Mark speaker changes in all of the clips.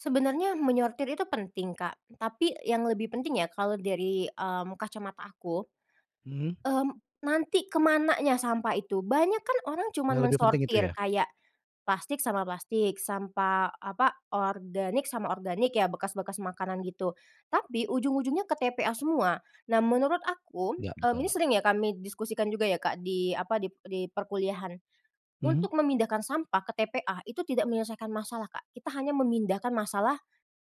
Speaker 1: Sebenarnya, menyortir itu penting, Kak, tapi yang lebih penting ya, kalau dari, mmm, kacamata aku,
Speaker 2: Mhm.
Speaker 1: mmm, nanti, ke mananya sampah itu. Banyak kan orang cuman
Speaker 2: Yang lebih penting itu
Speaker 1: mensortir,
Speaker 2: ya.
Speaker 1: kayak plastik sama plastik, sampah apa, organik sama organik, ya bekas-bekas makanan gitu, tapi, ujung-ujungnya ke TPA semua. Nah, menurut aku,
Speaker 2: Iya,
Speaker 1: mmm, ini
Speaker 2: betul.
Speaker 1: sering ya kami diskusikan juga ya, Kak, di apa, di p eee, di perkuliahan.
Speaker 2: Mhm.
Speaker 1: Untuk memindahkan sampah ke TPA, itu tidak menyelesaikan masalah, Kak, kita hanya memindahkan masalah,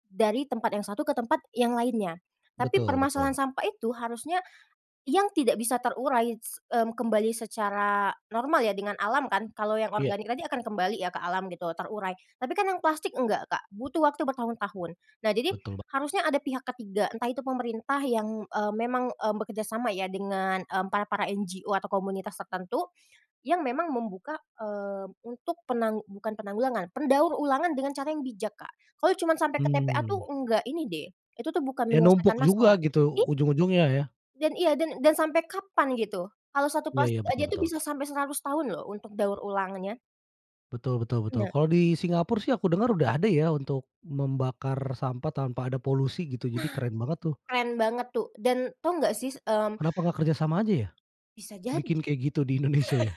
Speaker 1: dari tempat yang satu ke tempat yang lainnya. Tapi
Speaker 2: Betul
Speaker 1: permasalahan
Speaker 2: betul.
Speaker 1: sampah itu, harusnya yang tidak bisa terurai s mmm, kembali secara normal ya, dengan alam kan, kalau yang
Speaker 2: Iya.
Speaker 1: organik tadi akan kembali ya, ke alam gitu, terurai. Tapi kan yang plastik, enggak, Kak, butuh waktu bertahun-tahun. Nah jadi,
Speaker 2: Betul ba
Speaker 1: harusnya ada pihak ke-3, entah itu pemerintah yang, eee memang, eee, bekerja sama ya dengan, mmm, para-para NGO, atau komunitas tertentu yang memang membuka, eee, untuk penang bukan penanggulangan, pendaur ulangan dengan cara yang bijak, Kak. Kalau cuman sampai ke TPA tuh,
Speaker 2: Mmm.
Speaker 1: enggak ini deh, itu tuh bukan
Speaker 2: Dia
Speaker 1: menyelesaikan
Speaker 2: numpuk
Speaker 1: masalah,
Speaker 2: juga
Speaker 1: i
Speaker 2: gitu, ujung-ujungnya ya.
Speaker 1: Dan iya, dan dan sampai kapan gitu? Kalau 1
Speaker 2: Iya iya,
Speaker 1: plastik aja
Speaker 2: betul
Speaker 1: tuh
Speaker 2: betul.
Speaker 1: bisa sampai 100 tahun loh, untuk daur ulangnya.
Speaker 2: Betul betul betul.
Speaker 1: Nah.
Speaker 2: Kalau di Singapura sih, aku dengar udah ada ya, untuk membakar sampah tanpa ada polusi, gitu.
Speaker 1: Nah,
Speaker 2: Jadi keren banget tuh.
Speaker 1: keren banget tuh. Dan, tahu nggak, Sis, mmm
Speaker 2: Kenapa gak kerja sama aja ya?
Speaker 1: Bisa jadi.
Speaker 2: Bikin kayak gitu di Indonesia ya.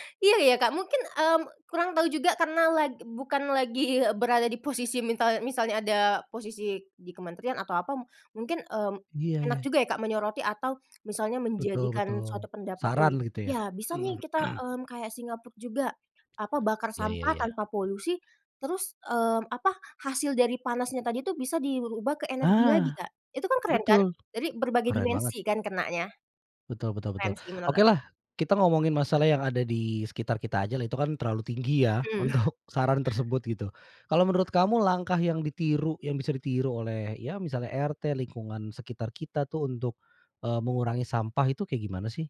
Speaker 1: Iya iya, Kak, mungkin, mmm, kurang tahu juga, karena lag bukan lagi berada di posisi mintal misalnya ada posisi di kementerian atau apa. M mungkin, mmm,
Speaker 2: Iya
Speaker 1: enak
Speaker 2: iya.
Speaker 1: juga ya, Kak, menyoroti atau misalnya
Speaker 2: Betul
Speaker 1: menjadikan
Speaker 2: betul,
Speaker 1: suatu pendapat nih,
Speaker 2: saran gitu ya.
Speaker 1: iya. Bisa nih kita, mmm, kayak Singapura juga, apa, bakar
Speaker 2: Iya iya
Speaker 1: sampah
Speaker 2: iya.
Speaker 1: tanpa polusi, terus, mmm, apa, hasil dari panasnya tadi tuh bisa dirubah ke energi lagi,
Speaker 2: Ah,
Speaker 1: Kak, itu kan keren kan,
Speaker 2: betul,
Speaker 1: jadi, berbagai
Speaker 2: keren banget.
Speaker 1: dimensi kan kenanya.
Speaker 2: Betul betul betul.
Speaker 1: Keren sih menurut aku.
Speaker 2: Okelah, kita ngomongin masalah yang ada di sekitar kita ajalah, itu kan terlalu tinggi ya
Speaker 1: Mhm.
Speaker 2: untuk saran tersebut, gitu. Kalau menurut kamu, langkah yang ditiru yang bisa ditiru oleh, ya misalnya RT, lingkungan sekitar kita tuh, untuk, eee mengurangi sampah itu kayak gimana sih?